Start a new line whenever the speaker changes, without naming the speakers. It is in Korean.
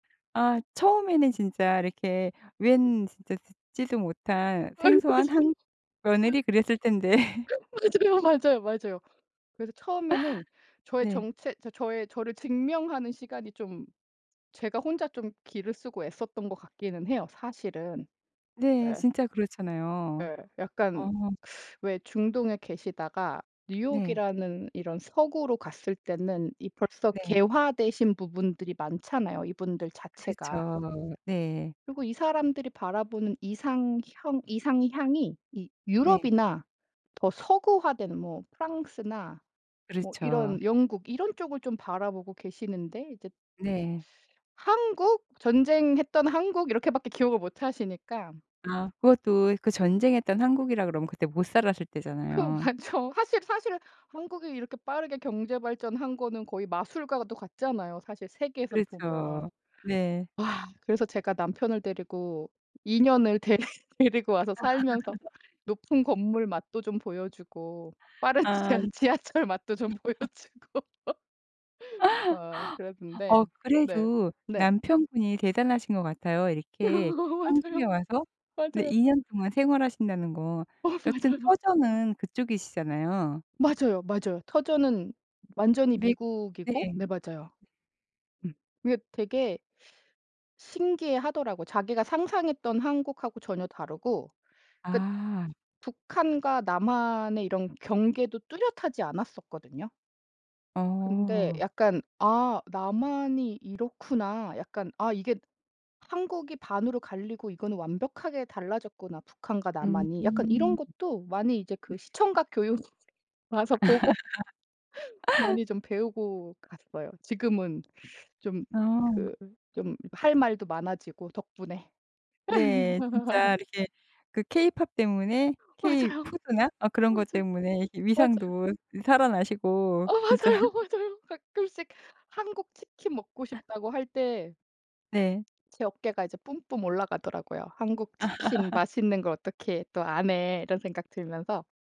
아. 처음에는 진짜 이렇게 웬 진짜 듣지도 못한
아이
생소한
맞아요.
한
맞
며느리 그랬을 텐데.
맞아요, 맞아요, 맞아요. 그래서 처음에는 저의
네.
정체, 저 저의 저를 증명하는 시간이 좀 제가 혼자 좀 기를 쓰고 애썼던 것 같기는 해요
[unintelligible]
사실은.
네.
예.
진짜 그렇잖아요.
예. 약간
어.
왜 중동에 계시다가
네.
뉴욕이라는 이런 서구로 갔을 때는 이 벌써
네.
개화되신 부분들이 많잖아요 이분들 자체가.
그렇죠. 네.
그리고 이 사람들이 바라보는 이상형 이상향이 이
네.
유럽이나 더 서구화된 뭐 프랑스나 뭐
그렇죠.
이런 영국 이런 쪽을 좀 바라보고 계시는데 이제
네.
한국? 전쟁했던 한국 이렇게밖에 기억을 못 하시니까.
아. 그것도 그 전쟁했던 한국이라 그러면 그때 못살았을
그
때잖아요.
맞죠. 사실 사실 한국이 이렇게 빠르게 경제 발전한 거는 거의 마술과도 같잖아요 사실 세계에서 보면.
그렇죠. 네.
아. 그래서 제가 남편을 데리고 2 년을 데리 데리고 와서 살면서 높은 건물 맛도 좀 보여 주고 빠른
아.
지하 지하철 맛도 좀 보여주고. 아.
어.
그랬는데 네.
그래도
네.
남편분이 대단하신 것 같아요 이렇게 한국에
맞아요.
와서 네
맞아요.
2 년 동안 생활하신다는 거.
어
여튼
맞아요.
터전은 그쪽이시잖아요.
맞아요, 맞아요. 터전은 완전히
믹 네.
미국이고. 네. 맞아요. 음. 그게 되게 신기해 하더라고요. 자기가 상상했던 한국하고 전혀 다르고 그러니까
아.
북한과 남한의 이런 경계도 뚜렷하지 않았었거든요. 근데
어.
약간 '아 남한이 이렇구나. 약간 아 이게 한국이 반으로 갈리고 이거는 완벽하게 달라졌구나 북한과 남한이.' 약간 이런
음.
것도 많이 이제
네.
그 시청각 교육 와서 보고 많이 좀 배우고 갔어요. 지금은 좀
어.
그 좀 할 말도 많아지고 덕분에.
네. 진짜 이렇게 그 케이팝 때문에 케이
맞아요.
푸드나 어 그런 것
맞아요.
때문에 이렇게
맞아요.
위상도 살아나시고
어.
진짜
맞아요, 맞아요. 가끔씩 한국 치킨 먹고 싶다고 할 때
네.
제 어깨가 이제 뿜뿜 올라가더라고요. '한국 치킨 맛있는 걸 어떻게 또 아네.' 이런 생각 들면서.